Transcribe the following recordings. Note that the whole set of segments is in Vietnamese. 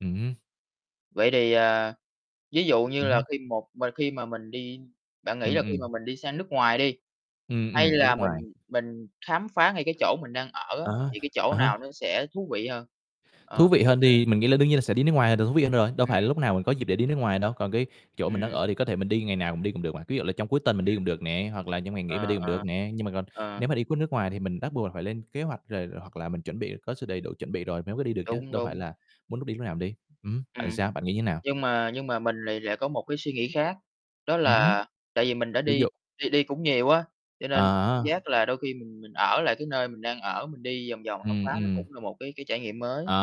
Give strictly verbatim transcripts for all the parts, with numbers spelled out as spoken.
Ừm hứm. Vậy thì, ờ, ví dụ như Ừm là hứm. khi một mình khi mà mình đi, bạn nghĩ Ừm, là khi mà ừm. mình đi sang nước ngoài đi, Ừm, hay ừm, đi là nước ngoài. mình mình khám phá ngay cái chỗ mình đang ở á, À há, thì cái chỗ à nào há. nó sẽ thú vị hơn? Thú Ờ, vị hơn đi, [unintelligible] mình nghĩ là đương nhiên là sẽ đi nước ngoài là được thú vị hơn rồi, đâu Ừm. phải lúc nào mình có dịp để đi nước ngoài đâu. Còn cái chỗ mình đang Ừm. ở thì có thể mình đi ngày nào mình đi cũng được mà. Ví dụ là trong cuối tuần mình đi Ừm. cũng được nè, hoặc là trong ngày nghỉ mình đi Ờ, cũng được ờ. nè, nhưng mà còn Ờ. nếu mà đi cuốc nước ngoài thì mình bắt buộc là phải lên kế hoạch, rồi hoặc là mình chuẩn bị có sự đầy đủ chuẩn bị rồi mới mới đi được chứ, Đúng, đâu phải đúng. là muốn lúc đi lúc nào mình đi. Ừm, bạn Ừm. sao? Bạn nghĩ như thế nào? Nhưng mà nhưng mà mình lại lại có một cái suy nghĩ khác, đó Ừm hứm. là tại vì mình đã Ví đi dụ đi đi cũng nhiều á, cho À nên cảm há giác là đôi khi mình mình ở lại cái nơi mình đang ở, mình đi vòng vòng khám Ừm, phá nó ừm. cũng là một cái cái trải nghiệm mới. À,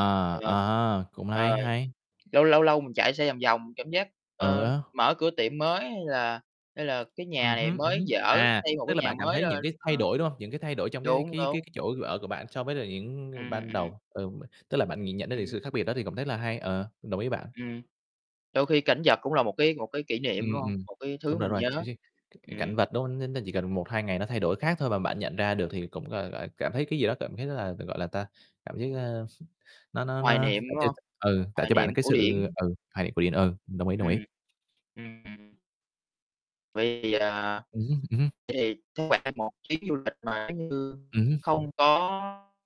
à [unintelligible] ha, cũng hay, Rồi, hay. lâu lâu lâu mình chạy xe vòng vòng, cảm giác, Ừ ơ, á. mở cửa tiệm mới, hay là hay là cái Ừm nhà này hứm, ừm mới hứm, dở, à, xây một tức cái là nhà bạn cảm mới thấy những lên. cái Ờ. thay đổi, đúng hông? Những cái thay đổi trong cái Đúng, cái cái đúng. cái chỗ ở của bạn so với là những Ừm, ban ừm, ừm. đầu, ừm, tức là bạn nhìn nhận đến từ Ừm. sự khác biệt đó thì cũng rất là hay, ờ, đồng ý với bạn. Ừm. Đôi khi cảnh vật cũng là một cái một cái kỷ niệm, Ừm, đúng hông? ừm, Một cái thứ đúng rồi, đúng mình rồi, nhớ. [unintelligible] cảnh Ừm. vật, đúng hông? Nó nó chỉ cần một hai ngày nó thay đổi khác thôi mà bạn nhận ra được thì cũng, gọi là, cảm thấy cái gì đó cảm thấy rất là, gọi là, ta cảm thấy, à, nó nó Hoài nó niệm, đỡ đúng tiêu hông? cực ừ, tạo Hoài cho bạn niệm, cái cổ sự điển. ừ, hài quyện. Ừ, đồng ý, đồng ý. Ừm. Ừm, ừm. Vì, à, vậy Ừm hứm, ừm hưm. thì cứ khoảng một chuyến du lịch mà nếu như Ừm hưm. không có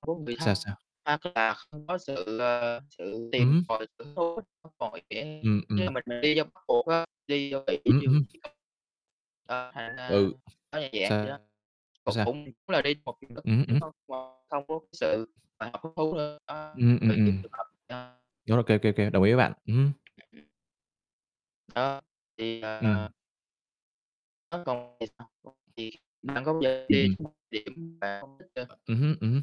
không có người Sao, thân, sao? hoặc là không có sự, ờ, sự Ừm tìm hưm. tòi, hứng thú, không còn [unintelligible] Ừm, tức là ừm. mình đi trong bắt buộc á, đi Ừm, ừm. [unintelligible] ờ, thành ra Ừ. nó như dạng vậy đó, Sao? cũng Sao? cũng là đi một vùng đất Ừm hứm, mới ừm hứm. [unintelligible] không có cái sự mà hứng thú nữa, đó, Ừm, ừm, vậy chính ừm. trường hợp [unintelligible] Đó, ô kê, ô kê, ô kê, đồng ý với bạn, ừm hứm. [unintelligible] Ơ, thì, à, Ừm. à Nó còn [unintelligible] điểm Ừm, ừm. bạn không thích cơ. Ừm hứm, ừm hứm.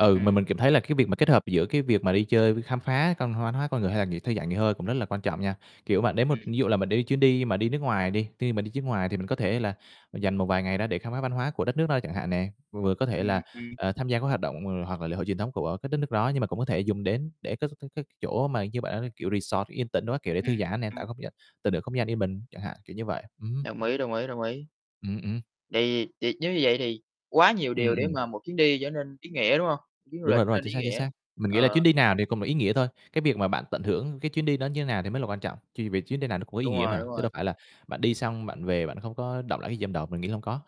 Ừ, mà mình Ừm. cảm thấy là cái việc mà kết hợp giữa cái việc mà đi chơi với khám phá văn hóa hoá con người, hay là nghỉ thư giãn, nghỉ hơi cũng rất là quan trọng nha. Kiểu, bạn đến một Ừm. ví dụ là mình đi chuyến đi mà đi nước ngoài đi, khi mà đi chuyến ngoài thì mình có Ừm. thể là dành một vài ngày đó để khám phá văn hóa của đất nước đó, chẳng hạn nè, vừa có thể là, Ừm, ừm. ờ, tham gia các hoạt động hoặc là lễ hội truyền thống của các đất nước đó. Nhưng mà cũng có thể dùng đến để có cái cái chỗ mà như bạn, kiểu, resort yên tĩnh đồ các kiểu, để thư Ừm, giãn nè, tạo ừm. không gian tận hưởng không gian yên bình chẳng hạn, kiểu như vậy. Ừm hưm. Đồng ý, đồng ý, đồng ý. Ừm, ừm. Tại vì thì nếu như vậy thì quá nhiều Ừm, điều để ừm. mà một chuyến đi trở nên ý nghĩa, đúng hông? Chuyến du Đúng lịch rồi, đúng trở rồi, nên chính ý xác, chính nghĩa. xác. Mình nghĩ là chuyến Ờ. đi nào thì cũng là ý nghĩa thôi, cái việc mà bạn tận hưởng cái chuyến đi đó như thế nào thì mới là quan trọng. Ch vì chuyến đi nào nó cũng có ý Đúng nghĩa rồi, mà, đúng chứ rồi. đâu phải là bạn đi xong bạn về, bạn không có đọng lại cái gì trong đầu. Mình nghĩ là hông có.